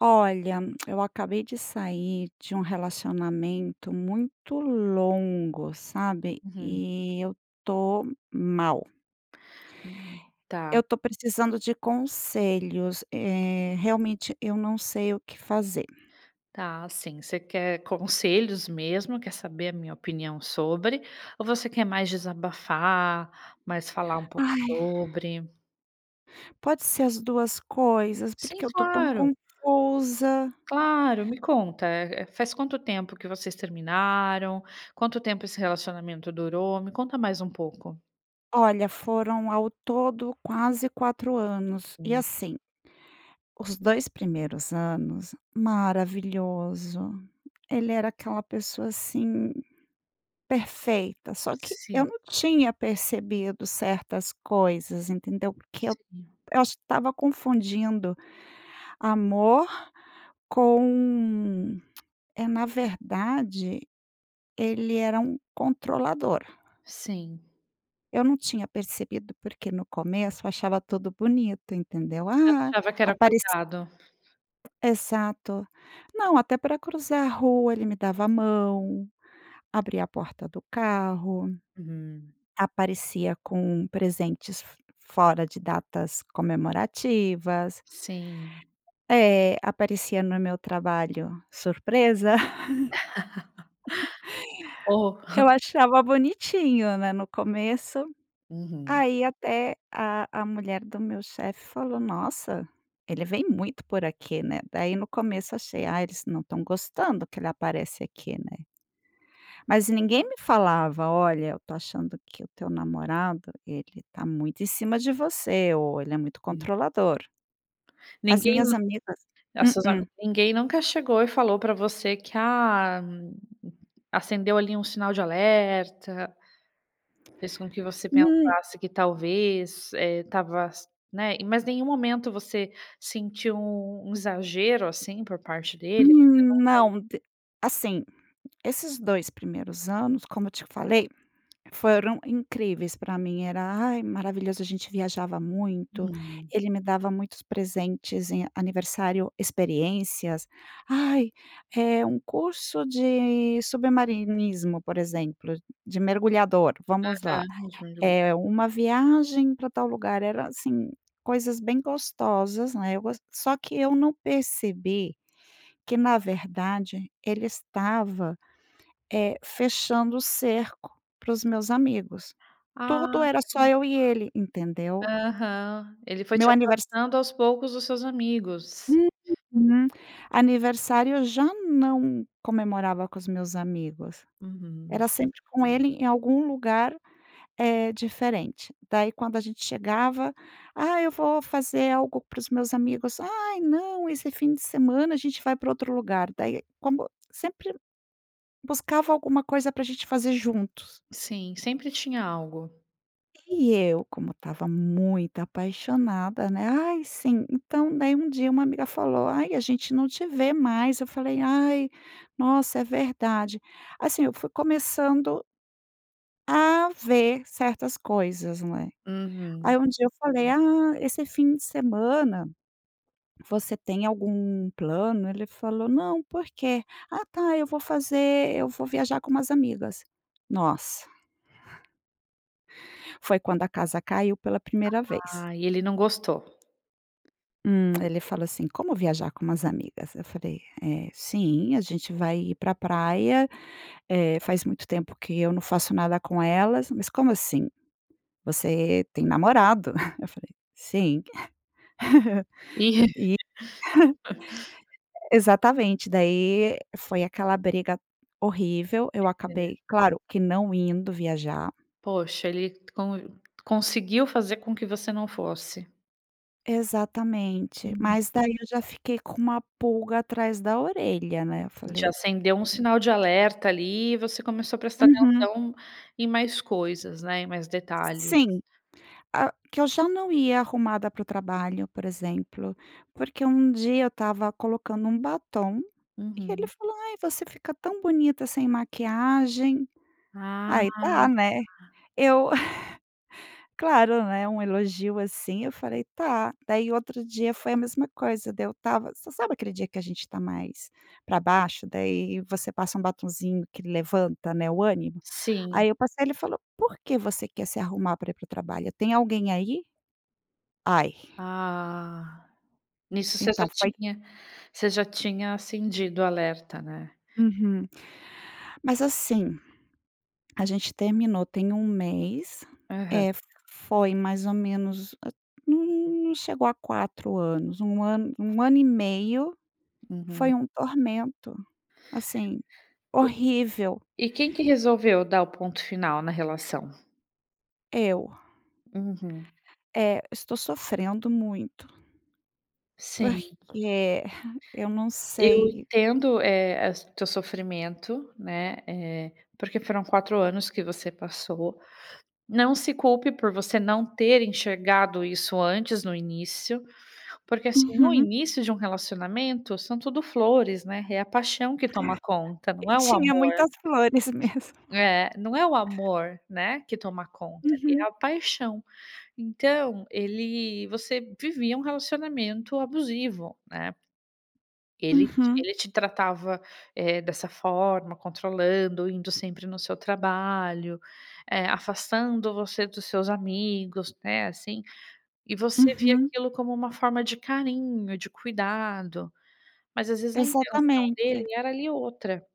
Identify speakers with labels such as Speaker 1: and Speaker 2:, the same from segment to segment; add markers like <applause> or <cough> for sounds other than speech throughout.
Speaker 1: Olha, eu acabei de sair de um relacionamento muito longo, sabe,
Speaker 2: Uhum.
Speaker 1: e eu tô mal.
Speaker 2: Hum, tá.
Speaker 1: Eu tô precisando de conselhos, eh, realmente eu não sei o que fazer.
Speaker 2: Tá, assim, você quer conselhos mesmo. Quer saber a minha opinião sobre ou você quer mais desabafar, mais falar um pouco
Speaker 1: Ai.
Speaker 2: sobre?
Speaker 1: Pode ser as 2 coisas,
Speaker 2: Sim,
Speaker 1: porque eu tô tão
Speaker 2: claro.
Speaker 1: confusa.
Speaker 2: Claro, me conta, eh eh, faz quanto tempo que vocês terminaram? Quanto tempo esse relacionamento durou? Me conta mais um pouco.
Speaker 1: Olha, foram ao todo quase 4 anos e
Speaker 2: Sim.
Speaker 1: assim. Os 2 primeiros anos, maravilhoso, ele era aquela pessoa, assim, perfeita. Só que eu
Speaker 2: Sim.
Speaker 1: não tinha percebido certas coisas, entendeu, porque eu
Speaker 2: Sim.
Speaker 1: eu acho que estava confundindo, amor com <clicks tongue> é, na verdade, ele era um controlador.
Speaker 2: Sim.
Speaker 1: Eu não tinha percebido, porque no começo achava tudo bonito, entendeu,
Speaker 2: Você
Speaker 1: ah,
Speaker 2: achava que era
Speaker 1: apareci
Speaker 2: cuidado.
Speaker 1: Exato, não até pra cruzar a rua, ele me dava a mão, abria a porta do carro,
Speaker 2: Uhum.
Speaker 1: aparecia com presentes f fora de datas comemorativas.
Speaker 2: Sim.
Speaker 1: Eh, aparecia no meu trabalho." Surpresa!" <laughs>
Speaker 2: O.
Speaker 1: Eu achava bonitinho, né, no começo.
Speaker 2: Uhum.
Speaker 1: Aí, até a a mulher do meu chefe falou: "Nossa, ele vem muito por aqui, né?" Daí no começo achei, ah, eles não estão gostando que ele aparece aqui, né. Mas ninguém me falava: "Olha, eu estou achando que o teu namorado, ele tá muito em cima de você." ou "Ele é muito
Speaker 2: Hum.
Speaker 1: controlador". As
Speaker 2: Ninguém
Speaker 1: minhas amigas
Speaker 2: das sua a,
Speaker 1: Mm-mm.
Speaker 2: ninguém nunca chegou e falou pra você que: "Ah, acendeu ali um sinal de alerta"? Fez com que você
Speaker 1: Hum
Speaker 2: pensasse que talvez, eh, estava, né, e mas nenhum momento você sentiu um exagero assim por parte dele? Você
Speaker 1: Hum,
Speaker 2: nunca
Speaker 1: não de Assim, esses 2 primeiros anos, como eu te falei, foram incríveis, pra mim. Era, ai, maravilhoso, a gente viajava muito,
Speaker 2: Hum.
Speaker 1: ele me dava muitos presentes em aniversário experiências. Ai, é um curso de submarinismo, por exemplo, de mergulhador, vamos lá,
Speaker 2: Aham <unintelligible>
Speaker 1: é uma viagem pra tal lugar, era assim, coisas bem gostosas, né, eu gos Só que, eu não percebi ,que na verdade ele estava, eh, fechando o cerco para os meus amigos. Tudo
Speaker 2: Ah.
Speaker 1: era só eu e ele, entendeu?
Speaker 2: Aham, ele foi te
Speaker 1: Meu aniversário
Speaker 2: afastando, aos poucos, dos seus amigos.
Speaker 1: Uhum. Aniversário, eu já não comemorava com os meus amigos,
Speaker 2: Uhum.
Speaker 1: era sempre com ele em algum lugar, eh, diferente. Daí, quando a gente chegava." Ah, eu vou fazer algo para os meus amigos". "Ai, não, esse fim de semana a gente vai pra outro lugar". Daí como sempre, buscava alguma coisa pra a gente fazer juntos.
Speaker 2: Sim, sempre tinha algo.
Speaker 1: E eu, como estava muito apaixonada, né. "Ai, sim". Então, daí um dia uma amiga falou: "Ai, a gente não te vê mais". Eu falei: "Ai, nossa! É verdade". Assim, eu fui começando a ver certas coisas, num é.
Speaker 2: Uhum.
Speaker 1: Aí, um dia eu falei: "Ah, esse fim de semana, você tem algum plano?". Ele falou: "Não, porquê?". "Ah, tá, eu vou fazer Eu vou viajar com umas amigas". Nossa! Foi quando a casa caiu pela primeira vez.
Speaker 2: Ah. E ele não gostou?
Speaker 1: Hum. Ele falou assim: "Como viajar com umas amigas?". Eu falei: "Eh, sim! A gente vai ir para a praia. Eh, faz muito tempo que eu não faço nada com elas". "Mas, como assim? Você tem namorado". <chuckles> Eu falei: "Sim é <giggles>
Speaker 2: E
Speaker 1: Eu eh".
Speaker 2: <laughs>
Speaker 1: <chuckles> Exatamente. Daí, foi aquela briga horrível. Eu
Speaker 2: É é.
Speaker 1: acabei, claro, que não indo viajar.
Speaker 2: Poxa, ele con conseguiu fazer com que você não fosse.
Speaker 1: Exatamente,
Speaker 2: Uhum.
Speaker 1: mas daí eu já fiquei com uma pulga atrás da orelha, né. Eu
Speaker 2: Já
Speaker 1: falei
Speaker 2: acendeu um sinal de alerta ali, e você começou a prestar
Speaker 1: Uhum.
Speaker 2: atenção em mais coisas, né, em mais detalhes.
Speaker 1: Sim. Ah, que eu já não ia arrumada para o trabalho, por exemplo, porque um dia eu estava colocando um batom e ele
Speaker 2: Uhum.
Speaker 1: falou: "Ai, você fica tão bonita sem maquiagem".
Speaker 2: Ah.
Speaker 1: Aí tá, né, eu <giggles> claro, né, um elogio, assim, eu falei: "Tá" daí outro dia foi a mesma coisa. Daí eu estava você sabe aquele dia que a gente tá mais pra baixo. Daí você passa um batonzinho que levanta, né, o ânimo.
Speaker 2: Sim.
Speaker 1: Aí eu passei, ele falou: "Por que você quer se arrumar para ir para o trabalho? Tem alguém aí?" Ai.
Speaker 2: Ah, nisso você já
Speaker 1: Então foi
Speaker 2: tinha, você já tinha acendido alerta, né?
Speaker 1: Uhum. Mas, assim, a gente terminou, tem 1 mês,
Speaker 2: Aham.
Speaker 1: é, f foi mais ou menos, n n não chegou a 4 anos, 1 ano, 1 ano e meio.
Speaker 2: Uhum.
Speaker 1: Foi um tormento, assim, horrível.
Speaker 2: E, e quem que resolveu dar o ponto final na relação?
Speaker 1: Eu.
Speaker 2: Uhum.
Speaker 1: É, eu estou sofrendo muito.
Speaker 2: Sim.
Speaker 1: Porque <scoffs> eu não
Speaker 2: Eu
Speaker 1: sei.
Speaker 2: entendo, eh eh, as teu sofrimento, né, eh, porque foram 4 anos que você passou. Não se culpe por você não ter enxergado isso antes no início, porque, assim, no
Speaker 1: Uhum.
Speaker 2: início de um relacionamento, são tudo flores, né. É a paixão que toma conta,
Speaker 1: E
Speaker 2: não é o
Speaker 1: tinha
Speaker 2: amor.
Speaker 1: muitas flores mesmo. <chuckles>
Speaker 2: É, não é o amor, né, que toma conta,
Speaker 1: Uhum.
Speaker 2: é a paixão. Então, ele você vivia um relacionamento abusivo, né? Ele te
Speaker 1: Uhum.
Speaker 2: ele te tratava, eh, dessa forma, controlando, indo sempre no seu trabalho, eh, afastando você dos seus amigos, né, assim. E você via
Speaker 1: Uhum.
Speaker 2: aquilo como uma forma de carinho, de cuidado, mas às vezes a intenção dele
Speaker 1: Exatamente.
Speaker 2: era ali outra,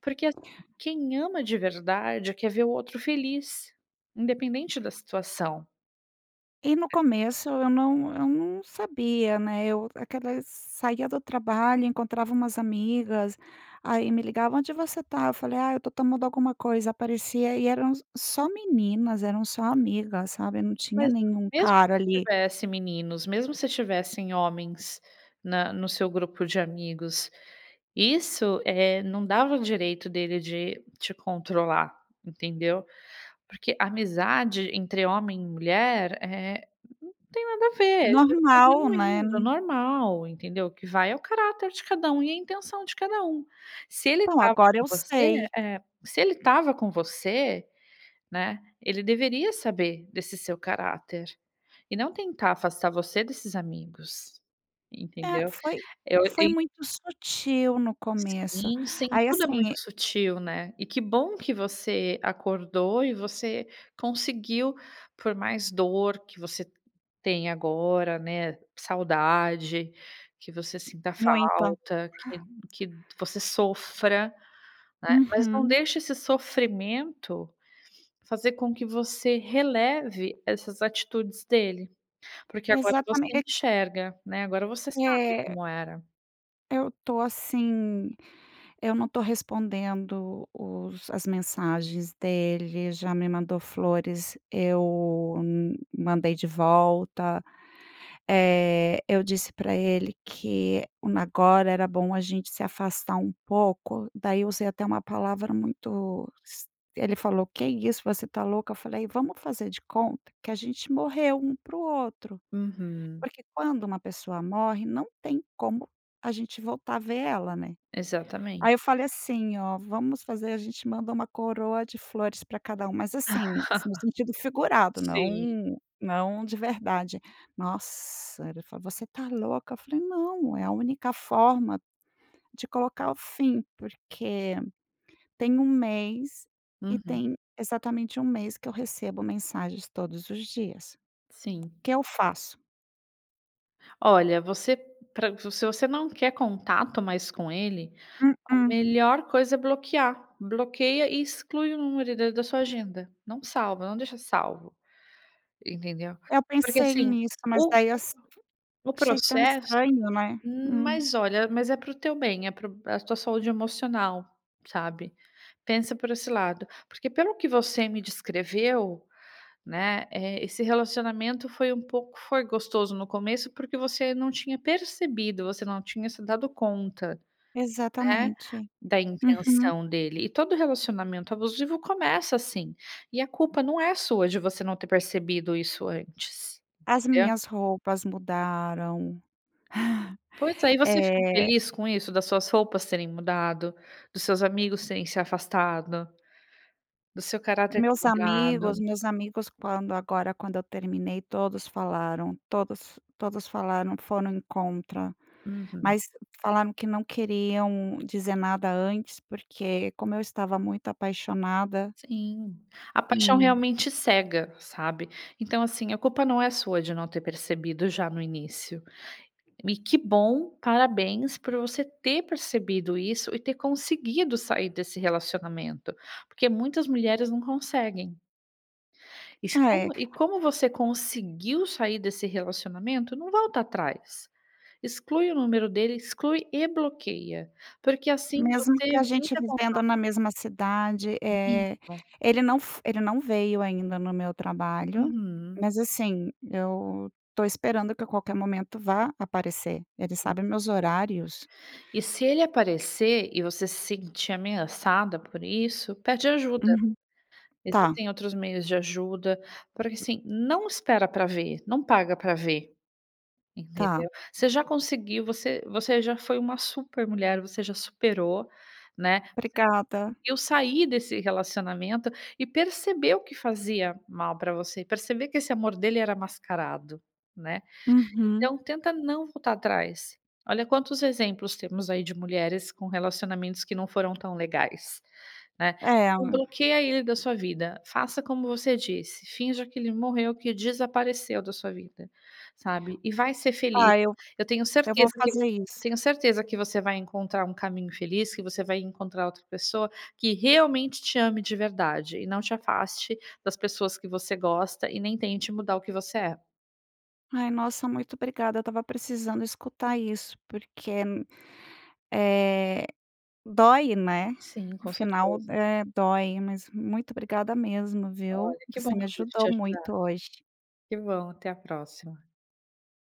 Speaker 2: porque, assim, quem ama de verdade quer ver o outro feliz, independente da situação.
Speaker 1: E no começo eu não eu não sabia, né, eu aquela saia do trabalho, encontrava umas amigas, aí me ligava: "Onde você está?" Eu falei: "Ah, eu estou tomando alguma coisa", aparecia e eram só meninas, eram só amigas, sabe. Não tinha
Speaker 2: Mas
Speaker 1: nenhum
Speaker 2: mesmo
Speaker 1: cara
Speaker 2: se
Speaker 1: ali.
Speaker 2: tivesse meninos, mesmo se tivessem homens na no seu grupo de amigos, isso, eh, não dava o direito dele de te controlar, entendeu? Porque amizade entre homem e mulher, eh, não tem nada a ver é <unintelligible>
Speaker 1: Normal, né?
Speaker 2: genuíno, normal, entendeu o que vai é o caráter de cada um e a intenção de cada um. Se ele
Speaker 1: Bom,
Speaker 2: estava
Speaker 1: agora
Speaker 2: com
Speaker 1: eu
Speaker 2: você,
Speaker 1: sei.
Speaker 2: eh, se ele estava com você, né, ele deveria saber desse seu caráter e não tentar afastar você desses amigos,
Speaker 1: É,
Speaker 2: entendeu?
Speaker 1: foi
Speaker 2: Eu
Speaker 1: foi
Speaker 2: em
Speaker 1: muito sutil no começo,
Speaker 2: Sim, sim,
Speaker 1: aí
Speaker 2: tudo é
Speaker 1: assim,
Speaker 2: muito
Speaker 1: e
Speaker 2: sutil, né. E que bom que você acordou e você conseguiu, por mais dor que você tenha agora, né, saudade que você sinta
Speaker 1: Muita.
Speaker 2: falta, que que você sofra, né, mas não
Speaker 1: Uhum.
Speaker 2: deixa esse sofrimento fazer com que você releve essas atitudes dele, porque agora você
Speaker 1: Exatamente, e
Speaker 2: enxerga, né? Agora você sabe
Speaker 1: É.
Speaker 2: como era.
Speaker 1: Eu tô, assim, eu não tô respondendo os as mensagens dele, já me mandou flores, eu hum mandei de volta. Eh, eu disse para ele que, hum, agora era bom a gente se afastar um pouco. Daí eu usei até uma palavra muito es Ele falou: "Que é isso? Você tá louca?" Eu falei "Vamos fazer de conta que a gente morreu um para o outro."
Speaker 2: Uhum.
Speaker 1: Porque quando uma pessoa morre, não tem como a gente voltar a ver ela, né.
Speaker 2: Exatamente.
Speaker 1: Aí eu falei assim "Ó, vamos fazer, a gente manda uma coroa de flores para cada um." Mas assim, no sentido
Speaker 2: <laughs>
Speaker 1: figurado,
Speaker 2: Sim.
Speaker 1: não não de verdade. Nossa, ele falou: "Você está louca?" Eu falei "Não, é a única forma de colocar o fim." Porque tem 1 mês e
Speaker 2: Uhum.
Speaker 1: tem exatamente 1 mês que eu recebo mensagens todos os dias.
Speaker 2: Sim.
Speaker 1: O que eu faço?
Speaker 2: Olha, você Pra se você não quer contato mais com ele, a
Speaker 1: Mm-mm.
Speaker 2: melhor coisa é bloquear, bloqueia e exclui o número da da sua agenda, não salva, não deixa salvo. Entendeu?
Speaker 1: Eu
Speaker 2: Porque,
Speaker 1: pensei
Speaker 2: assim,
Speaker 1: nisso, mas
Speaker 2: o
Speaker 1: daí eu
Speaker 2: o
Speaker 1: ass
Speaker 2: o
Speaker 1: Achei tão
Speaker 2: processo,
Speaker 1: estranho, né?
Speaker 2: hum,
Speaker 1: Hum.
Speaker 2: mas olha, mas é para o teu bem, é pra a tua saúde emocional, sabe? Pensa por esse lado. Porque pelo que você me descreveu, né, eh, esse relacionamento foi um pouco, foi gostoso no começo, porque você não tinha percebido, você não tinha se dado conta, né,
Speaker 1: Exatamente.
Speaker 2: da
Speaker 1: Uhum.
Speaker 2: intenção dele. E todo relacionamento abusivo começa assim, e a culpa não é sua de você não ter percebido isso antes,
Speaker 1: As
Speaker 2: entendeu?
Speaker 1: minhas roupas mudaram.
Speaker 2: Pois
Speaker 1: <chuckles>
Speaker 2: é, e você ficou
Speaker 1: Eh.
Speaker 2: feliz com isso, das suas roupas terem mudado, dos seus amigos terem se afastado, do seu caráter ter
Speaker 1: Meus
Speaker 2: mudado?
Speaker 1: amigos meus amigos quando agora quando eu terminei, todos falaram, todos todos falaram, foram em contra,
Speaker 2: Uhum.
Speaker 1: mas falaram que não queriam dizer nada antes, porque como eu estava muito apaixonada
Speaker 2: Sim, a paixão
Speaker 1: Hum.
Speaker 2: realmente cega, sabe. Então, assim, a culpa não é sua de não ter percebido já no início. E que bom, parabéns, por você ter percebido isso, e ter conseguido sair desse relacionamento, porque muitas mulheres não conseguem. E se como
Speaker 1: É.
Speaker 2: e como você conseguiu sair desse relacionamento, não volta atrás. Exclui o número dele, exclui e bloqueia, porque assim
Speaker 1: Mesmo
Speaker 2: você
Speaker 1: que a gente
Speaker 2: evita contato.
Speaker 1: vivendo na mesma cidade, eh,
Speaker 2: Vivo.
Speaker 1: ele não f Ele não veio ainda no meu trabalho,
Speaker 2: Uhum.
Speaker 1: mas assim, eu tô esperando que a qualquer momento vá aparecer. Ele
Speaker 2: <unintelligible>
Speaker 1: sabe meus horários.
Speaker 2: E se ele aparecer e você se sentir ameaçada por isso, pede ajuda.
Speaker 1: Uhum. Tá.
Speaker 2: Existem outros meios de ajuda, porque, assim, não espera para ver, não paga pra ver.
Speaker 1: Tá.
Speaker 2: Entendeu? Você já conseguiu, você você já foi uma super mulher. Você já superou, né. Você
Speaker 1: Obrigada.
Speaker 2: conseguiu sair desse relacionamento e percebeu que fazia mal pra você, perceber que esse amor dele era mascarado, né.
Speaker 1: Uhum.
Speaker 2: Então tenta não voltar atrás. Olha quantos exemplos temos aí de mulheres com relacionamentos que não foram tão legais, né.
Speaker 1: É.
Speaker 2: Então bloqueia ele da sua vida. Faça como você disse, finja que ele morreu, que desapareceu da sua vida, sabe. E vai ser feliz.
Speaker 1: Tá, eu
Speaker 2: Eu tenho
Speaker 1: eu vou
Speaker 2: certeza que eu
Speaker 1: fazer isso.
Speaker 2: tenho certeza que você vai encontrar um caminho feliz, que você vai encontrar outra pessoa que realmente te ame de verdade, e não te afaste das pessoas que você gosta e nem tente mudar o que você é.
Speaker 1: Ai, nossa, muito obrigada, eu estava precisando escutar isso, porque, eh, dói, né?
Speaker 2: Sim,
Speaker 1: O
Speaker 2: com
Speaker 1: final,
Speaker 2: certeza.
Speaker 1: eh, dói, mas muito obrigada mesmo, viu,
Speaker 2: Olha, que
Speaker 1: você
Speaker 2: bom
Speaker 1: me
Speaker 2: que eu pude te
Speaker 1: ajudou
Speaker 2: ajudar.
Speaker 1: muito hoje.
Speaker 2: Que bom, até a próxima.